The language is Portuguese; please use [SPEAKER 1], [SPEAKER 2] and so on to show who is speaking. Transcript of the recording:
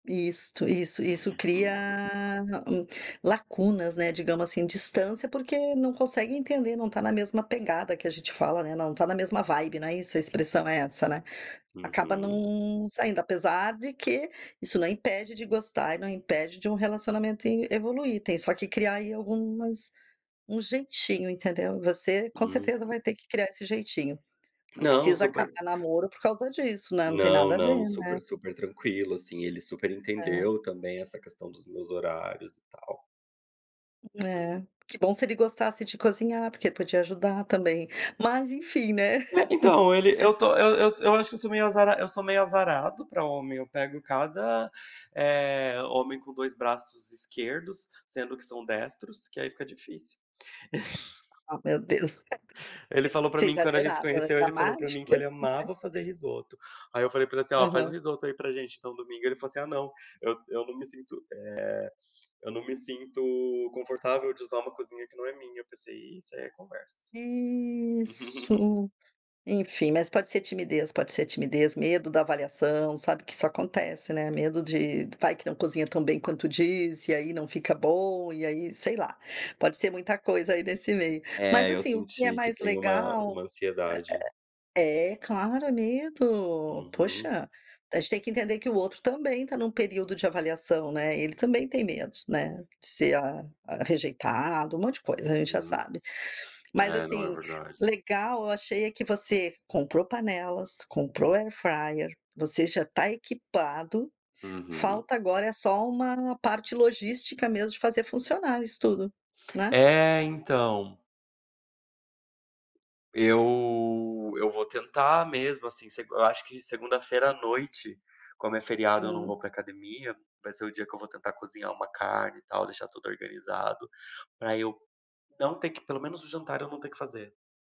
[SPEAKER 1] Isto, isso, isso cria
[SPEAKER 2] Uhum.
[SPEAKER 1] hum, lacunas, né, digamos assim, distância, porque não consegue entender, não está na mesma pegada que a gente fala, né, não está na mesma vibe, não é isso, a expressão é essa, né. Acaba
[SPEAKER 2] Uhum.
[SPEAKER 1] não saindo, apesar de que isso não impede de gostar e não impede de um relacionamento in evoluir, tem só que criar aí algumas um jeitinho, entendeu. Você com
[SPEAKER 2] Uhum.
[SPEAKER 1] certeza vai ter que criar esse jeitinho. Não
[SPEAKER 2] Não,
[SPEAKER 1] precisa
[SPEAKER 2] super
[SPEAKER 1] acabar namoro por causa disso, né, não tem
[SPEAKER 2] Não,
[SPEAKER 1] nada a ver,
[SPEAKER 2] não,
[SPEAKER 1] né.
[SPEAKER 2] super super tranquilo, assim ele super
[SPEAKER 1] É.
[SPEAKER 2] entendeu também essa questão dos meus horários e tal. Hum.
[SPEAKER 1] É. Que bom se ele gostasse de cozinhar, porque podia ajudar também, mas enfim, né.
[SPEAKER 2] É, então ele eu estou, eu eu eu acho que eu sou meio azara eu sou meio azarado pra homem, eu pego cada, eh, homem com dois braços esquerdos, sendo que são destros, que aí fica difícil.
[SPEAKER 1] Oh, meu Deus.
[SPEAKER 2] Ele falou pra
[SPEAKER 1] Você é
[SPEAKER 2] mim que, quando a gente se
[SPEAKER 1] exagerado, [unintelligible]
[SPEAKER 2] conheceu, ele falou pra mim
[SPEAKER 1] dramático.
[SPEAKER 2] que ele amava fazer risoto. Aí eu falei pra ele assim: "Ó, faz um
[SPEAKER 1] Aham.
[SPEAKER 2] risoto aí pra gente então, domingo". Ele falou assim: "Ah não, eu eu não me sinto, eh, eu não me sinto confortável de usar uma cozinha que não é minha". Eu pensei: "Ih, isso aí é conversa".
[SPEAKER 1] Isso, enfim, mas pode ser timidez pode ser timidez, medo da avaliação, sabe. Que isso acontece, né. Medo de: vai que não cozinha tão bem quanto diz, e aí não fica bom, e aí, sei lá, pode ser muita coisa aí nesse meio. Mas
[SPEAKER 2] É, eu
[SPEAKER 1] assim, o que é
[SPEAKER 2] senti que
[SPEAKER 1] mais
[SPEAKER 2] tem uma
[SPEAKER 1] legal
[SPEAKER 2] uma ansiedade.
[SPEAKER 1] é claro, é medo.
[SPEAKER 2] Uhum.
[SPEAKER 1] Poxa, a gente tem que entender que o outro também está num período de avaliação, né. Ele também tem medo, né. De ser a a rejeitado, um monte de coisa, a gente já
[SPEAKER 2] Uhum.
[SPEAKER 1] sabe. Mas
[SPEAKER 2] É, não, é
[SPEAKER 1] assim,
[SPEAKER 2] verdade.
[SPEAKER 1] legal, eu achei é que você comprou panelas, comprou airfryer, você já está equipado,
[SPEAKER 2] Uhum.
[SPEAKER 1] falta agora, eh, só uma parte logística mesmo de fazer funcionar isso tudo, né.
[SPEAKER 2] É, então. Eu eu vou tentar mesmo assim, se eu acho que segunda-feira à noite, como é feriado, eu não
[SPEAKER 1] Hum.
[SPEAKER 2] vou pra academia, vai ser o dia que eu vou tentar cozinhar uma carne e tal, deixar tudo organizado, pra eu não ter que, pelo menos o jantar, eu não ter que fazer.